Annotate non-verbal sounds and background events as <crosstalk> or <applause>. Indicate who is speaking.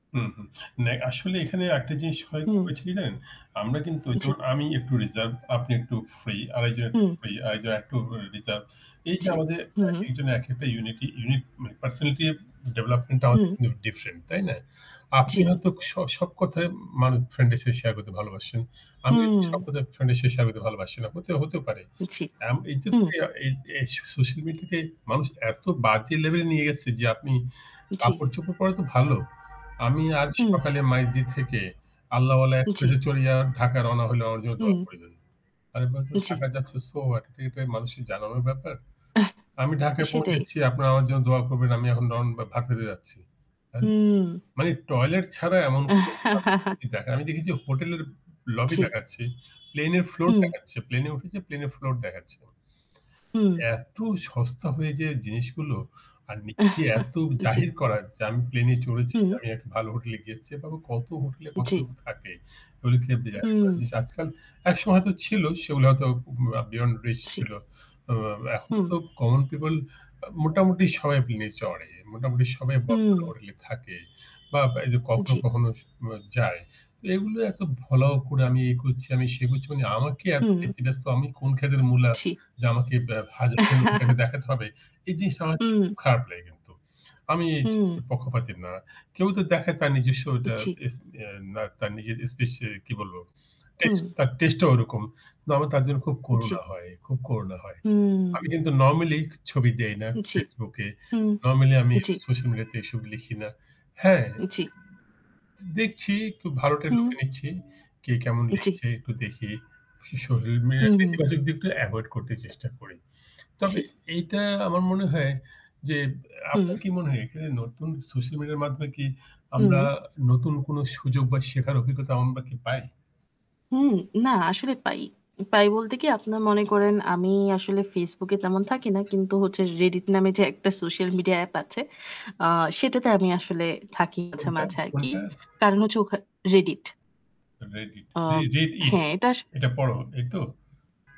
Speaker 1: হুম, হুম। নে আসলে এখানে একটা জিনিস হ
Speaker 2: হুম।
Speaker 1: হয়েছে কি জানেন? আমরা কিন্তু অই
Speaker 2: জ্বী।
Speaker 1: যেমন আমি একটু রিজার্ভ আপনি একটু ফ্রি আর একজন একটু
Speaker 2: হুম।
Speaker 1: ফ্রি আরেকজন একটু রিজার্ভড। এইযে
Speaker 2: জি,
Speaker 1: আমাদের
Speaker 2: হু।
Speaker 1: একেকজনের একেকটা ইউনিটই ইউনিট পার্সোনালিটি ডেভেলপমেন্টটা আমাদের
Speaker 2: হুম।
Speaker 1: কিন্তু ডিফারেন্ট তাই না? আপনি
Speaker 2: জ্বি।
Speaker 1: হয়তো স সব কথায় মানুষ ফ্রেন্ড এর সাথে শেয়ার করতে ভালোবাসেন। আমি সব
Speaker 2: হুম।
Speaker 1: কথায় ফ্রেন্ড এর সাথে শেয়ার করতে ভালোবাসি না। হতে হতেও পারে।
Speaker 2: জি।
Speaker 1: আম এইযে
Speaker 2: হু।
Speaker 1: ইয়া এ এ সোশ্যাল মিডিয়া তে মানুষ এত বাজে লেভেল এ নিয়ে গেছে যে আপনি
Speaker 2: জ্বি।
Speaker 1: কাপড়-চোপড় পরা তো ভালো। আমি আজ
Speaker 2: হুম।
Speaker 1: সকালে মাইযদি থেকে 'আল্লাহওয়ালা
Speaker 2: জ্বি।
Speaker 1: এক্সপ্রেস' এ চড়িয়া ঢাকা রওনা হলেও আমার জন্য দোয়া
Speaker 2: হুম।
Speaker 1: করিবেন। আরে বাবা তুমি
Speaker 2: জ্বি।
Speaker 1: ঢাকা যাচ্ছ সো হোয়াট? এটা মানুষের জানানোর ব্যাপার? আমি
Speaker 2: <chuckles>
Speaker 1: ঢাকায়
Speaker 2: সেটাই।
Speaker 1: পৌঁছেছি। আপনারা আমার জন্য দোয়া করবেন। আমি এখন রন ভাত খেতে যাচ্ছি। আরে!
Speaker 2: হুম।
Speaker 1: মানে টয়লেট ছাড়া এমন কোন সাবজেক্ট নাই
Speaker 2: <chuckles>
Speaker 1: যে দেখায়। আমি দেখেছি হোটেলের লবি
Speaker 2: জ্বি।
Speaker 1: দেখাচ্ছে। প্লেন এর ফ্লোর
Speaker 2: হুম।
Speaker 1: দেখাচ্ছে। প্লেনে উঠেছে প্লেন ফ্লোর দেখাচ্ছে।
Speaker 2: হুম।
Speaker 1: এত সস্তা হয়ে যে জিনিসগুলো আর নিজেকে এ এত
Speaker 2: <chuckles> জ্বী।
Speaker 1: জাহির করা যে আমি প্লেনে চড়েছি।
Speaker 2: হুম।
Speaker 1: আমি একটা ভালো হোটেলে গিয়েছি। বা কত হোটেলে কত
Speaker 2: জ্বি।
Speaker 1: লোক থাকে। এগুলো
Speaker 2: হুম।
Speaker 1: <unintelligible> আজকাল একসময় হয়তো ছিল সেগুলো হয়তো বে বিয়ন্ড রিচ ছিল।
Speaker 2: জ্বি।
Speaker 1: অ এখন
Speaker 2: হুম।
Speaker 1: তো কমন পিপল আ মোটামুটি সবাই প্লেনে চড়ে। মোটামুটি সবাই বড়
Speaker 2: হুম।
Speaker 1: হোটেলে থাকে। বা এইযে কখনো,
Speaker 2: জ্বি।
Speaker 1: কখনো স যায়। তো এগুলো এত ফলাও করে আমি এ করছি আমি সে করছি মানে আমাকে এত
Speaker 2: হুম।
Speaker 1: ব্যাতিব্যস্ত আমি কোন খেতের মূলা
Speaker 2: জ্বি।
Speaker 1: যে আমাকে বে হাজার, হাজার লোকের কাছে
Speaker 2: <chuckles>
Speaker 1: দেখাতে হবে। এই জিনিসটা আমার কাছে
Speaker 2: হুম।
Speaker 1: খুব খারাপ লাগে কিন্তু। আমি এই
Speaker 2: হুম।
Speaker 1: জিনিসটার পক্ষপাতি না। কেউ তো দেখায় তার নিজস্বটা তার
Speaker 2: জি।
Speaker 1: স এ বা তার নিজের স্পেশাল কি বলব
Speaker 2: হুম।
Speaker 1: টেস্ট তার টেস্টে ও ঐরকম। তো আমার তার জন্য খুব
Speaker 2: জ্বি।
Speaker 1: করুণা হয়। খুব করুণা হয়।
Speaker 2: হুম।
Speaker 1: আমি কিন্তু নরমালি ছবি দেই না
Speaker 2: জ্বি,
Speaker 1: Facebook এ।
Speaker 2: হু,
Speaker 1: নরমালি আমি
Speaker 2: জ্বি।
Speaker 1: সোশ্যাল মিডিয়াতে এসব লিখি না। হ্যাঁ।
Speaker 2: জি।
Speaker 1: দেখছি একটু ভা <unintelligible>
Speaker 2: হুম।
Speaker 1: লুকে নিচ্ছি। কে কেমন
Speaker 2: জ্বি।
Speaker 1: লিখছে একটু দেখি। সোশ্যাল মিডিয়া
Speaker 2: হুম, হুম।
Speaker 1: নেতিবাচক দিকটা এভয়েড করতে চেষ্টা করি। তবে
Speaker 2: জ্বি।
Speaker 1: এইটা আমার মনে হয় যে আপনার
Speaker 2: হুম।
Speaker 1: কি মনে হয় এখানে নতুন সোশ্যাল মিডিয়ার মাধ্যমে কি আমরা
Speaker 2: হুম।
Speaker 1: নতুন কোনো সুযোগ বা শেখার অভিজ্ঞতা আমরা কি পাই?
Speaker 2: হুম। না আসলে পাই। পাই বলতে কি আপনারা মনে করেন আমি আসলে Facebook এ তেমন থাকি না। কিন্তু হচ্ছে Reddit নামে যে একটা সোশ্যাল মিডিয়া app আছে, আ সেটাতে আমি আসলে থাকি মাঝে,
Speaker 1: কোনটা?
Speaker 2: মাঝে আরকি।
Speaker 1: কোনটা?
Speaker 2: কারণ হচ্ছে ওখা Reddit।
Speaker 1: Reddit
Speaker 2: আ
Speaker 1: রিড এ ইট
Speaker 2: হ্যাঁ, এটা আস
Speaker 1: এটা পড়ো এই তো?